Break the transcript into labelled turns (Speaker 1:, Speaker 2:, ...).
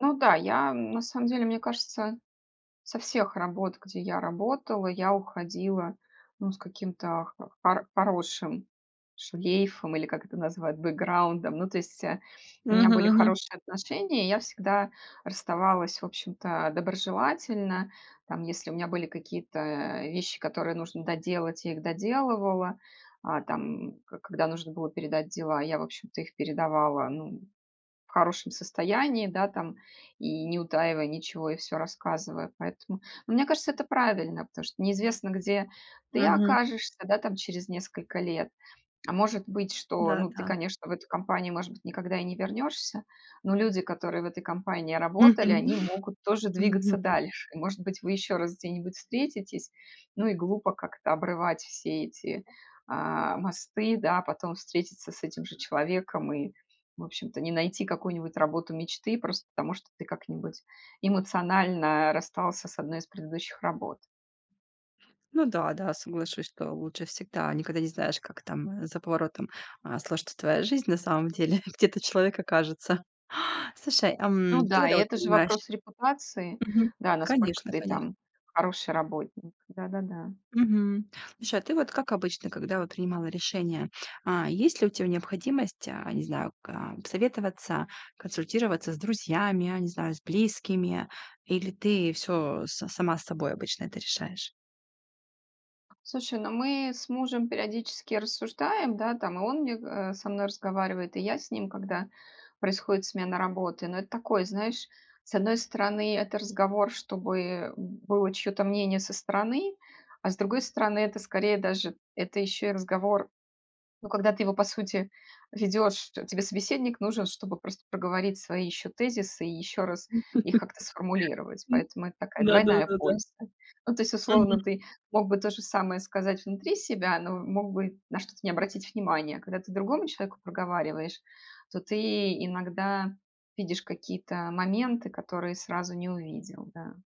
Speaker 1: Ну да, я на самом деле, мне кажется, со всех работ, где я работала, я уходила, ну, с каким-то хо поро поросшим шлейфом или, как это называют, бэкграундом. Ну, то есть, э, у меня
Speaker 2: Мгм,
Speaker 1: были
Speaker 2: мгм.
Speaker 1: хорошие отношения, я всегда расставалась, в общем-то, доброжелательно. Там, если у меня были какие-то вещи, которые нужно доделать, я их доделывала. А, там, когда нужно было передать дела, я, в общем-то, их передавала, ну, в хорошем состоянии, да, там, и не утаивая ничего, и всё рассказывая. Поэтому, ну мне кажется, это правильно. Потому что неизвестно, где ты
Speaker 2: Мгм.
Speaker 1: окажешься, да, там, через несколько лет. А может быть, что
Speaker 2: Да,
Speaker 1: ну, ты,
Speaker 2: да.
Speaker 1: конечно, в эту компанию, может быть, никогда и не вернёшься, но люди, которые в этой компании
Speaker 2: Мгм.
Speaker 1: работали, они могут тоже двигаться
Speaker 2: Мгм.
Speaker 1: дальше. И может быть, вы ещё раз где-нибудь встретитесь. Ну, и глупо как-то обрывать все эти, а, мосты, да, потом встретиться с этим же человеком и, в общем-то, не найти какую-нибудь работу мечты просто потому, что ты как-нибудь эмоционально расстался с одной из предыдущих работ.
Speaker 2: Ну да, да, соглашусь, что лучше всегда, никогда не знаешь, как там за поворотом, а, сложится твоя жизнь, на самом деле, где этот человек окажется. Слушай, ам,
Speaker 1: Ну
Speaker 2: ты
Speaker 1: да,
Speaker 2: когда
Speaker 1: и
Speaker 2: вот
Speaker 1: это же
Speaker 2: понимаешь
Speaker 1: вопрос репутации.
Speaker 2: Мгм.
Speaker 1: Да, насколько
Speaker 2: Конечно,
Speaker 1: ты
Speaker 2: конечно.
Speaker 1: там хороший работник. Да-да-да.
Speaker 2: Мгм. Слушай, а ты вот как обычно, когда вот принимала решение, а, есть ли у тебя необходимость, а, не знаю, ка посоветоваться, консультироваться с друзьями, я не знаю, с близкими, или ты всё с сама с собой обычно это решаешь?
Speaker 1: Слушай, ну мы с мужем периодически рассуждаем, да, там и он мне, го э, со мной разговаривает, и я с ним, когда происходит смена работы. Ну это такой знаешь, с одной стороны, это разговор, чтобы было чьё-то мнение со стороны, а с другой стороны, это скорее даже, это ещё и разговор, ну, когда ты его по сути ведёшь, те тебе собеседник нужен, чтобы просто проговорить свои ещё тезисы и ещё раз их как-то сформулировать.
Speaker 2: М.
Speaker 1: Поэтому это такая
Speaker 2: Да да
Speaker 1: двойная
Speaker 2: да да.
Speaker 1: польза. Ну, то есть, условно,
Speaker 2: Мгм.
Speaker 1: ты мог бы то же самое сказать внутри себя, но мог бы на что-то не обратить внимание. А когда ты другому человеку проговариваешь, то ты иногда видишь какие-то моменты, которые сразу не увидел. Да.